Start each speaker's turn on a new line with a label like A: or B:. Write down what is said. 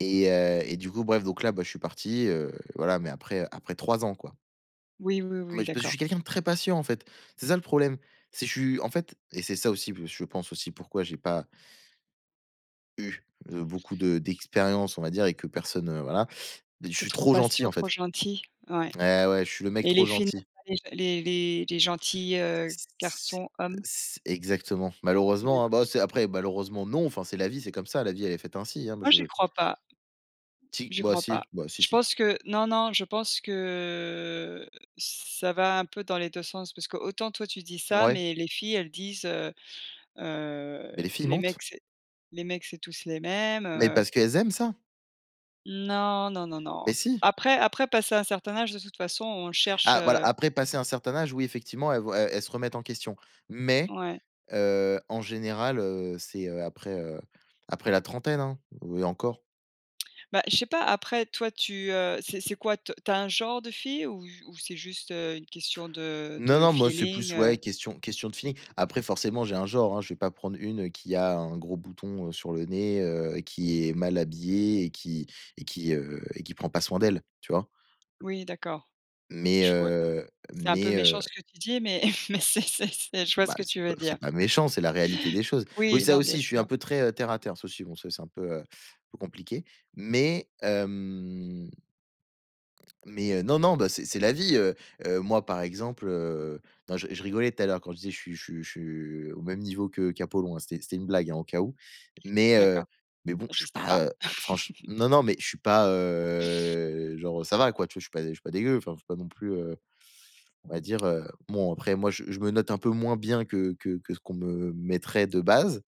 A: Et heu, et coup, bref, donc là, bah, je suis parti, heu, voilà, mais après, heu, après 3 ans quoi.
B: Oui, oui, oui
A: Mais je parce ce que je
B: d'accord.
A: suis quelqu'un de très patient, en fait. C'est ça le problème. C'est je suis en fait et c'est ça aussi, heu, je pense aussi, pourquoi j'ai pas eu, heu, beaucoup de d'expériences on va dire et que personne, heu, voilà. Je
B: Tu es
A: suis
B: trop
A: trop gentil
B: patient,
A: en
B: trop
A: fait.
B: gentil, ouais
A: Et, ouais, je suis le mec
B: et
A: trop
B: les filles,
A: gentil.
B: les [unintelligible] les les les gentils, heu,
A: C c'est
B: garçons, hommes?
A: c'est exactement. Malheureusement, hein,
B: [unintelligible]
A: ben, c'est après malheureusement non, enfin c'est la vie, c'est comme ça, la vie elle faite ainsi, hein, moi
B: Moi, j'y
A: je
B: crois pas.
A: Si,
B: J'y
A: bah,
B: crois pas.
A: si, bah, si
B: Je
A: si.
B: pense que non, non, je pense que, ç ça va un peu dans les 2 sens. Parce que autant toi tu dis ça,
A: Ouais.
B: mais les filles, elles disent, heu, heu:
A: Mais les filles
B: «Les
A: mentent.
B: mecs, c'est les mecs c'est tous les mêmes,
A: Mais
B: heu»
A: parce qu'elles aiment ça.
B: Non, non, non,
A: Ben
B: non.
A: si.
B: Après après, passer un certain âge, de toute façon on cherche,
A: Ah voilà
B: heu
A: après passer un certain âge, oui effectivement elles vont e elles se remettent en question, mais
B: Ouais.
A: heu, en général, heu, c'est, heu, après, heu, après la trentaine, hein, ou et encore.
B: Bah je sais pas, après, toi, tu, heu, c'est c'est quoi, te tu as un genre de fille ou ju ou c'est juste, heu, une question de
A: Non,
B: de
A: non, moi c'est
B: feeling,
A: plus, ouais,
B: heu?
A: question question de feeling. Après forcément, j'ai un genre, hein, je vais pas prendre une, heu, qui a un gros bouton, sur le nez, heu, et qui est mal habillée et qui et qui, heu, et qui prend pas soin d'elle, tu vois?
B: Oui, d'accord.
A: Mais
B: Je vois
A: heu,
B: c'est un peu
A: mais, heu
B: méchant ce que tu dis, mais c'est c'est c'est,
A: Mmh,
B: je vois ce
A: bah
B: que tu
A: c'est pas
B: veux
A: c'est
B: dire.
A: pas méchant, c'est la réalité des choses. Oui,
B: Oui,
A: ça
B: non bien
A: aussi, je suis un
B: sûr.
A: peu, heu, très terre à terre, ça aussi bon ça c'est un peu, heu, peu compliqué, mais hem mais heu, non, non, ben c'est c'est la vie, heu, heu, moi, par exemple, heu, non je je rigolais tout à l'heure quand je disais: «Je suis je suis je suis au même niveau que qu'Apollon». C'était c'était une blague au cas où, mais heu,
B: D'accord,
A: mais bon, je
B: je
A: suis
B: sais pas.
A: pas, heu, franche non, non, mais je suis pas, heu, genre ça va quoi, tu vois je suis pas je suis pas dégueu, tu vois, enfin, il faut pas non plus, heu, on va dire, heu, bon après moi je je me note un peu moins bien que que que ce qu'on me mettrait de base.